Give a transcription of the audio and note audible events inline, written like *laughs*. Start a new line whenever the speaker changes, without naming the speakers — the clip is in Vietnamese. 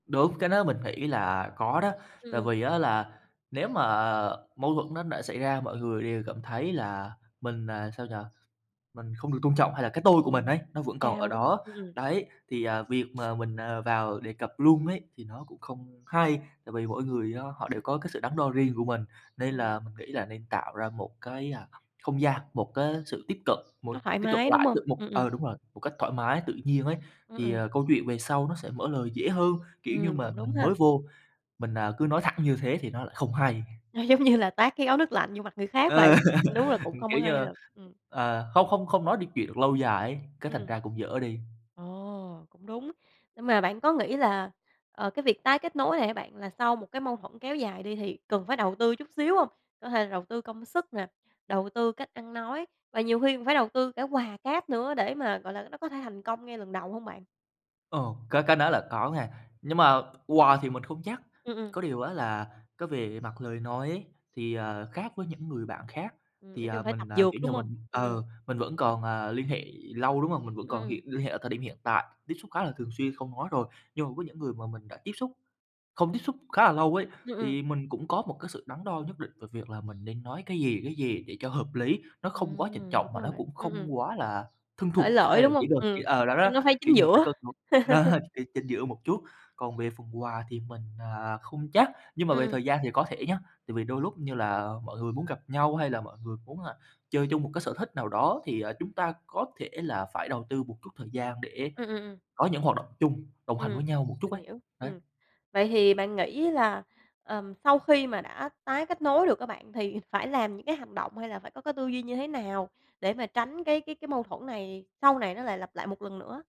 Đúng, cái đó mình nghĩ là có đó.
Ừm,
Tại
ừm.
vì á là nếu mà mâu thuẫn nó đã xảy ra, mọi người đều cảm thấy là mình, à, sao nhỉ, mình không được tôn trọng hay là cái tôi
Ờ,
của mình ấy, nó vẫn còn ở
cao, đúng hông?
đó,
Ừm, ừm.
đấy, thì, à, việc mà mình, à, vào đề cập luôn ấy, thì nó cũng không hay. Tại vì mỗi người á, họ đều có cái sự đắn đo riêng của mình, nên
Ừm.
là mình nghĩ là nên tạo ra một cái, à, không gian, một cái sự tiếp cận, một
Nó thoải
tiếp cận
mái, đúng
lại
hông?
tự một
Ừm,
ờ,
ừm.
đúng rồi, một cách thoải mái, tự nhiên ấy.
Ừm,
Thì,
ừm.
à, câu chuyện về sau nó sẽ mở lời dễ hơn, kiểu như
Ừm, cũng
mà
đúng
mình
ha.
mới vô, mình, à, cứ nói thẳng như thế thì nó lại không hay.
Nó giống như là tát cái gáo nước lạnh vô mặt người khác vậy,
Ờ,
ơ, đúng là
*laughs*
cũng
ừm,
không có
kiểu như
hay
là
thật, ừm.
ờ, không không không nói được chuyện được lâu dài ấy, cái thành
Ừm.
ra cũng dở đi.
Ồ! Cũng đúng, nhưng mà bạn có nghĩ là, ờ, cái việc tái kết nối này á bạn, là sau một cái mâu thuẫn kéo dài đi, thì cần phải đầu tư chút xíu hông? Có thể là đầu tư công sức nè, đầu tư cách ăn nói, và nhiều khi cũng phải đầu tư cả quà cáp nữa để mà, gọi là, nó có thể thành công ngay lần đầu hông bạn?
Ờ, cái cái đó là có nghen, nhưng mà quà thì mình không chắc,
Ừm, ừm.
có điều á là cái về mặt lời nói ấy, thì, à, khác với những người bạn khác,
Ừm,
thì,
nói
à,
chung phải
mình,
tập
à,
dượt,
kiểu như
đúng hông?
mình
Ừm,
ừ,
ừm.
mình vẫn còn, à, liên hệ lâu, đúng hông? Mình vẫn
Ừm,
còn
ừm.
hiện liên hệ ở thời điểm hiện tại, tiếp xúc khá là thường xuyên, không nói rồi, nhưng mà có những người mà mình đã tiếp xúc không tiếp xúc khá là lâu ấy,
Ừm, ừm.
thì mình cũng có một cái sự đắn đo nhất định về việc là mình nên nói cái gì, cái gì để cho hợp lý, nó không quá trịnh
Ừm,
trọng
đúng
mà
rồi
nó
bạn,
cũng
ừm, ừm.
không quá là thân
Xởi
thuộc
lởi,
hay là
đúng
chữ
hông?
được chữ
Ừm,
ờ, đó đó,
nhưng nó phải
kiểu
chính
như là, phải
giữa.
cân nó
*laughs*
*chuckles* cái chính giữa một chút. Còn về phần quà thì mình, à, không chắc, nhưng mà
Ừm,
về
ừm.
thời gian thì có thể nhá, tại vì đôi lúc như là mọi người muốn gặp nhau hay là mọi người muốn, à, chơi chung một cái sở thích nào đó, thì, à, chúng ta có thể là phải đầu tư một chút thời gian để
Ừm, ừm, ừm.
có những hoạt động chung, đồng hành
Ừm,
với nhau một chút
mình
ấy,
hiểu, ừm.
đấy.
Vậy thì bạn nghĩ là, ờm, sau khi mà đã tái kết nối được á bạn, thì phải làm những cái hành động hay là phải có cái tư duy như thế nào để mà tránh cái cái cái mâu thuẫn này sau này nó lại lặp lại một lần nữa á?